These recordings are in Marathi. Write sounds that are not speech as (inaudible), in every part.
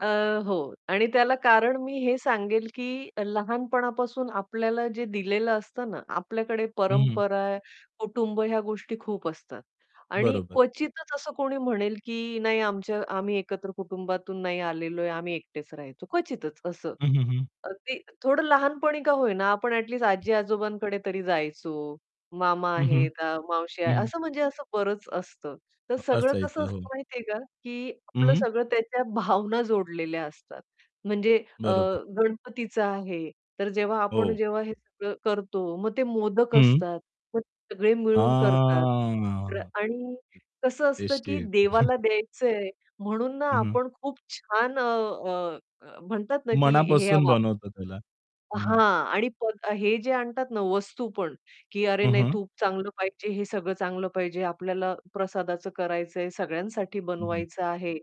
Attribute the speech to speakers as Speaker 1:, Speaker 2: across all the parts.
Speaker 1: अ, हो. आणि त्याला कारण मी हे सांगेल, की लहानपणापासून आपल्याला जे दिलेलं असतं ना, आपल्याकडे
Speaker 2: हं.
Speaker 1: परंपरा, कुटुंब या गोष्टी खूप असतात. आणि
Speaker 2: बरोबर.
Speaker 1: क्वचितच असं कोणी म्हणेल की नाही आमच्या आम्ही एकत्र कुटुंबातून नाही आलेलोय, आम्ही एकटेच राहायचो क्वचितच असं.
Speaker 2: हं, हं, हं.
Speaker 1: अगदी थोडं लहानपणी का होईना, आपण ऍटलिस्ट आजी-आजोबांकडे तरी जायचो, मामा
Speaker 2: हं, हं.
Speaker 1: आहे का, मावशी
Speaker 2: हं,
Speaker 1: आहे,
Speaker 2: हं.
Speaker 1: असं म्हणजे असं बरंच असतं. तर
Speaker 2: अ
Speaker 1: सगळं कसं
Speaker 2: असायचं. हो.
Speaker 1: असतं माहितीये का की
Speaker 2: हं,
Speaker 1: आपलं
Speaker 2: हं.
Speaker 1: सगळं त्याच्या भावना जोडलेल्या असतात. म्हणजे अ,
Speaker 2: बरोबर.
Speaker 1: गणपतीचा आहे, तर जेव्हा आपण
Speaker 2: हो.
Speaker 1: जेव्हा हे सगळं करतो मग ते मोदक
Speaker 2: हं.
Speaker 1: असतात मग सगळे मिळून करतात. र
Speaker 2: हां.
Speaker 1: आणि कसं असतं
Speaker 2: टेस्टी
Speaker 1: की
Speaker 2: एकदम.
Speaker 1: देवाला
Speaker 2: (chuckles)
Speaker 1: द्यायचंय, म्हणून ना,
Speaker 2: हं, हं.
Speaker 1: आपण खूप छान अ, अ, अ, म्हणतात ना की हे
Speaker 2: मनापासून
Speaker 1: वापर
Speaker 2: बनवतो त्याला. हं, हं.
Speaker 1: हां. आणि हे जे आणतात ना, वस्तू पण, की अरे
Speaker 2: हं,
Speaker 1: नाही
Speaker 2: हं.
Speaker 1: तूप चांगलं पाहिजे, हे सगळं चांगलं पाहिजे, आपल्याला प्रसादाचं करायचंय, सगळ्यांसाठी
Speaker 2: हं, हं.
Speaker 1: बनवायचं आहे.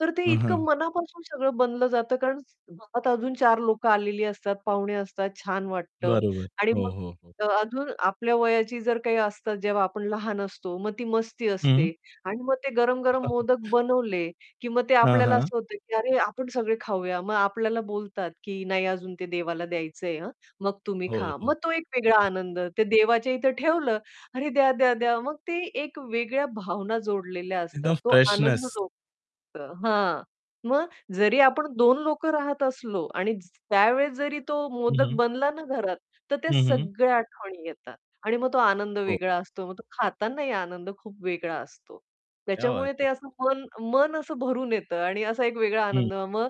Speaker 1: तर ते
Speaker 2: हां,
Speaker 1: इतकं
Speaker 2: हां.
Speaker 1: मनापासून सगळं बनलं जातं, कारण घरात अजून 4 लोकं आलेली असतात, पाहुणे असतात, छान वाटतं
Speaker 2: बरोबर,
Speaker 1: आणि
Speaker 2: हो,
Speaker 1: मग
Speaker 2: हो, हो.
Speaker 1: अजून आपल्या वयाची जर काही असते जेव्हा आपण लहान असतो, मग ती मस्ती असते
Speaker 2: हं.
Speaker 1: आणि मग ते गरम-गरम मोदक
Speaker 2: (chuckles)
Speaker 1: बनवले की मग ते
Speaker 2: हां,
Speaker 1: आपल्याला
Speaker 2: हां.
Speaker 1: असं होतं, की अरे आपण सगळे खाऊया. मग आपल्याला बोलतात, की "नाही अजून ते देवाला द्यायचंय हां, मग तुम्ही
Speaker 2: हो,
Speaker 1: खा." मग
Speaker 2: हो.
Speaker 1: तो एक वेगळा आनंद. ते देवाच्या इथे ठेवलं अरे द्या, द्या, द्या. मग ते एक वेगळ्या भावना जोडलेल्या असतात
Speaker 2: एकदम
Speaker 1: तो आनंद
Speaker 2: फ्रेशनेस.
Speaker 1: (unintelligible) हां, मग जरी आपण 2 लोकं राहत असलो आणि ज त्यावेळेस जरी तो
Speaker 2: हं,
Speaker 1: मोदक
Speaker 2: हं.
Speaker 1: बनला ना, घरात, तर त्या
Speaker 2: हं, हं.
Speaker 1: सगळ्या आठवणी येतात. आणि मग तो आनंद
Speaker 2: हो.
Speaker 1: वेगळा असतो. मग तो खातानाही आनंद खूप वेगळा असतो.
Speaker 2: क्या बात
Speaker 1: त्याच्यामुळे ते
Speaker 2: है.
Speaker 1: असं मन मन असं भरून येतं आणि असा एक वेगळा
Speaker 2: हं.
Speaker 1: आनंद मग,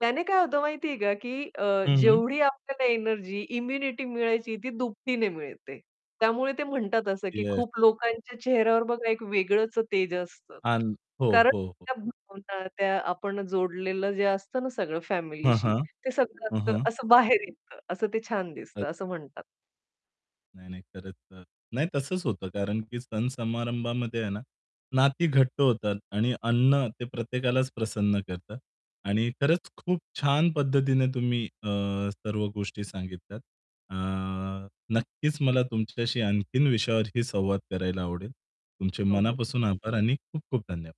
Speaker 1: त्याने काय होतं माहितीये का, की अ,
Speaker 2: हं, हं.
Speaker 1: जेवढी आपल्याला एनर्जी, इम्युनिटी मिळायची ती दुपटीने मिळते. त्यामुळे ते म्हणतात असं, की
Speaker 2: येस.
Speaker 1: खूप लोकांच्या चेहऱ्यावर बघा एक वेगळंच तेज असतं.
Speaker 2: आण हो,
Speaker 1: कारण
Speaker 2: हो, हो.
Speaker 1: त्या भावना त्या आपण जोडलेलं जे असतं ना, सगळं
Speaker 2: हां,
Speaker 1: फॅमिलीशी
Speaker 2: हां.
Speaker 1: ते
Speaker 2: हं,
Speaker 1: सगळं
Speaker 2: हं.
Speaker 1: असं बाहेर येतं. असं ते छान दिसतं,
Speaker 2: अ
Speaker 1: असं म्हणतात.
Speaker 2: नाही, नाही, खरंच. अ, नाही तसंच होतं कारण की सण-समारंभामध्ये आहे ना, नाती घट्ट होतात आणि अन्न ते प्रत्येकालाच प्रसन्न करतं. आणि खरंच खूप छान पद्धतीने तुम्ही अ, सर्व गोष्टी सांगितल्यात. अ, नक्कीच मला तुमच्याशी आणखीन विषयावरही संवाद करायला आवडेल. तुमचे
Speaker 1: हो, हो.
Speaker 2: मनापासून आभार आणि खूप-खूप धन्यवाद!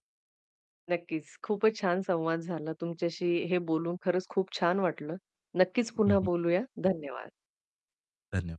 Speaker 1: नक्कीच, खूपच छान संवाद झाला तुमच्याशी हे बोलून खरंच खूप छान वाटलं. नक्कीच
Speaker 2: हं,
Speaker 1: पुन्हा
Speaker 2: हं.
Speaker 1: बोलूया धन्यवाद.
Speaker 2: धन्यवाद.